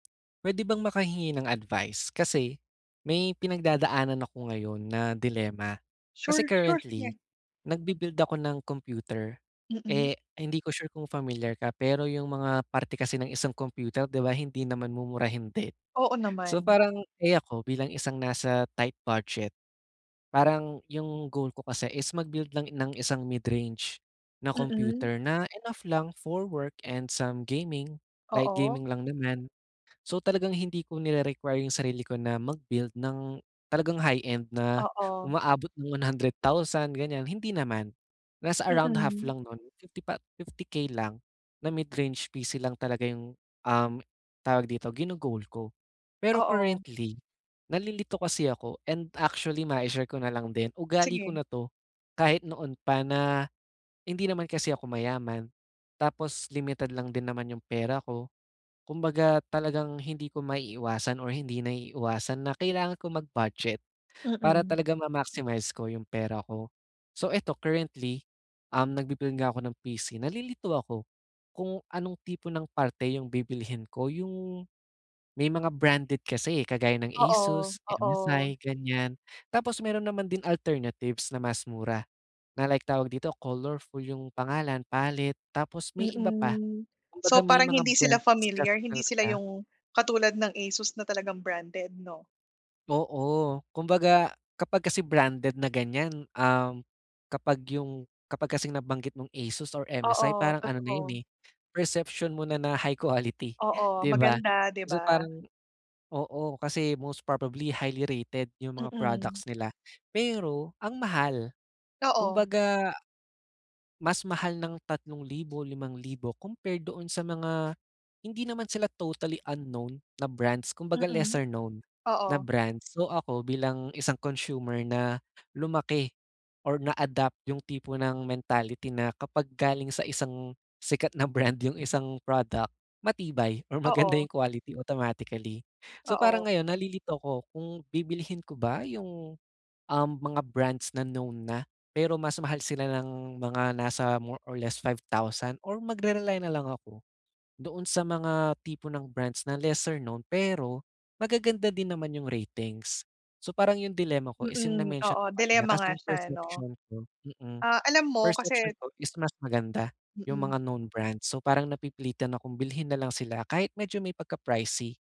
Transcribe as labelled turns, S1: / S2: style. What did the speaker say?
S1: Pwede bang makahingi ng advice? Kasi may pinagdadaanan ako ngayon na dilemma. Kasi
S2: Sure, sure,
S1: currently
S2: sige.
S1: nagbi-build ako ng computer.
S2: Mm.
S1: Eh, hindi ko sure kung familiar ka, pero 'yong mga parte kasi ng isang computer di ba hindi naman mumurahin din.
S2: Oo
S1: So,
S2: naman.
S1: parang eh, ako bilang isang nasa tight budget, parang 'yong goal ko kasi is mag-build lang ng isang mid-range na
S2: Mm.
S1: computer na enough lang for work and some gaming, light
S2: Oo.
S1: gaming lang naman. So, talagang hindi ko nire-require yung sarili ko na mag-build ng talagang high-end na
S2: Oo.
S1: umaabot ng 100,000 ganyan, hindi naman. Nasa around half
S2: Mm.
S1: lang nun fifty thou 50K lang na mid-range personal computer lang talaga yung, um, tawag dito, gino-goal ko. Pero
S2: Oo.
S1: currently, nalilito kasi ako and actually mai-share ko nalang din, ugali ko
S2: Sige.
S1: na 'to kahit noon pa na hindi naman kasi ako mayaman tapos limited lang din naman 'yong pera ko. Kumbaga, talagang hindi ko maiiwasan or hindi naiiwasan na kailangan ko mag-budget para
S2: Mm.
S1: talaga ma-maximize ko yung pera ko. So, 'eto currently, um, nagbi-build nga ako ng personal computer. Nalilito ako kung anong tipo ng parte 'yong bibilhin ko, 'yong may mga branded kasi, eh, kagaya ng
S2: Oo,
S1: Asus,
S2: oo.
S1: MSI, ganyan. Tapos meron naman din alternatives na mas mura na like tawag dito, Colorful yung pangalan, Pallet tapos may iba pa.
S2: Mm.
S1: Kumbaga,
S2: So,
S1: may
S2: parang
S1: mga
S2: hindi sila
S1: brands kasi
S2: familiar, hindi sila
S1: talaga
S2: 'yong katulad ng Asus na talagang branded 'no?
S1: Oo, kumbaga kapag kasi branded na ganyan, um, kapag 'yong kapag kasing nabanggit mong Asus or MSI
S2: Oo,
S1: parang ano na yun,
S2: totoo.
S1: eh, perception mo na na high quality,
S2: Oo,
S1: di ba?
S2: maganda, di
S1: Kasi
S2: ba?
S1: parang oo, kasi most probably highly rated 'yong mga
S2: Mm.
S1: products nila, pero ang mahal.
S2: Oo.
S1: Kumbaga, mas mahal ng 3,000, 5,000 compared doon sa mga hindi naman sila totally unknown na brands kumbaga,
S2: Mm,
S1: lesser-known na
S2: oo.
S1: brand. So, ako bilang isang consumer na lumaki or na-adapt 'yong tipo ng mentality na kapag galing sa isang sikat na brand 'yong isang product matibay or maganda
S2: Oo.
S1: 'yong quality automatically. So, parang
S2: Oo.
S1: ngayon nalilito ako kung bibilhin ko ba 'yong, um, mga brands na known na, pero mas mahal sila ng mga nasa more or less 5,000 or magre-rely nalang ako doon sa mga tipo ng brands na lesser-known, pero magaganda din naman 'yong ratings. So, parang 'yong dilema ko is 'yong
S2: Mm,
S1: na-mention
S2: oo.
S1: ko kanina
S2: Dilemma nga
S1: kasi 'yong
S2: siya 'no.
S1: perception ko mm,
S2: Ah, alam mo kasi
S1: perception ko is mas maganda 'yong
S2: Mm.
S1: mga known brands. So, parang napipilitan akong bilhin na lang sila kahit medyo may pagka pricey.